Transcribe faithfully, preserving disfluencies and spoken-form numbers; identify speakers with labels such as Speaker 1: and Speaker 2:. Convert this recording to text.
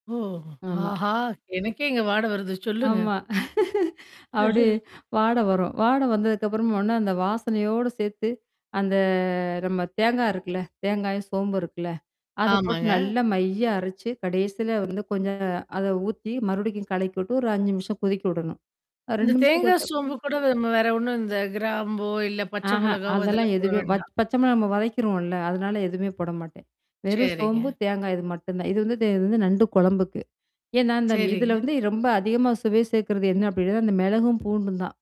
Speaker 1: ஓ! ஓஹோ!
Speaker 2: ஆமா.
Speaker 1: ஆஹா! எனக்கே இங்க வாட வருது. சொல்லுங்க.
Speaker 2: ஆமா. அப்பிடி வாடை வரும். வாட வந்ததுக்குப்புறமா ஒடனே அந்த வாசனையோடு சேர்த்து, அந்த நம்ம தேங்காய் இருக்குல்ல. தேங்காயும் சோம்பு இருக்குல்ல. அத போட்டு
Speaker 1: ஆமாங்க.
Speaker 2: நல்லா மையா அரைச்சு, கடைசில வந்து கொஞ்சம் அத ஊத்தி, மறுபடிக்கும் கலக்கி விட்டு, ஒரு அஞ்சு நிமிஷம் கொதிக்கி விடணும். அ
Speaker 1: இந்த
Speaker 2: ரெண்டு நிமிஷம்
Speaker 1: தேங்காய்,
Speaker 2: கொதுச்சா
Speaker 1: சோம்பு கூட, நம்ம வேற ஒண்ணும், இந்த கிராம்போ, இல்ல பச்சை
Speaker 2: ஆஹா.
Speaker 1: மிளகாவோ
Speaker 2: அதெல்லாம்
Speaker 1: இதெல்லாம் போட
Speaker 2: எதுவுமே வச்
Speaker 1: வேண்டாம்?
Speaker 2: பச்சமிளகா நம்ம வதைக்கிருவோம்ல. அதனால எதுவுமே போடமாட்டேன். வெறும் சோம்பு,
Speaker 1: சரிங்க.
Speaker 2: தேங்காய் இது மட்டும் தான். இது வந்து இதே இது வந்து நண்டு குழம்புக்கு. ஏன்னா, இந்தம் இதல
Speaker 1: சரிங்க.
Speaker 2: வந்து ரொம்ப அதிகமா சுவை சேர்க்கறது என்ன அப்டின்னா, அது அந்த மிளகும், பூண்டும் தான்.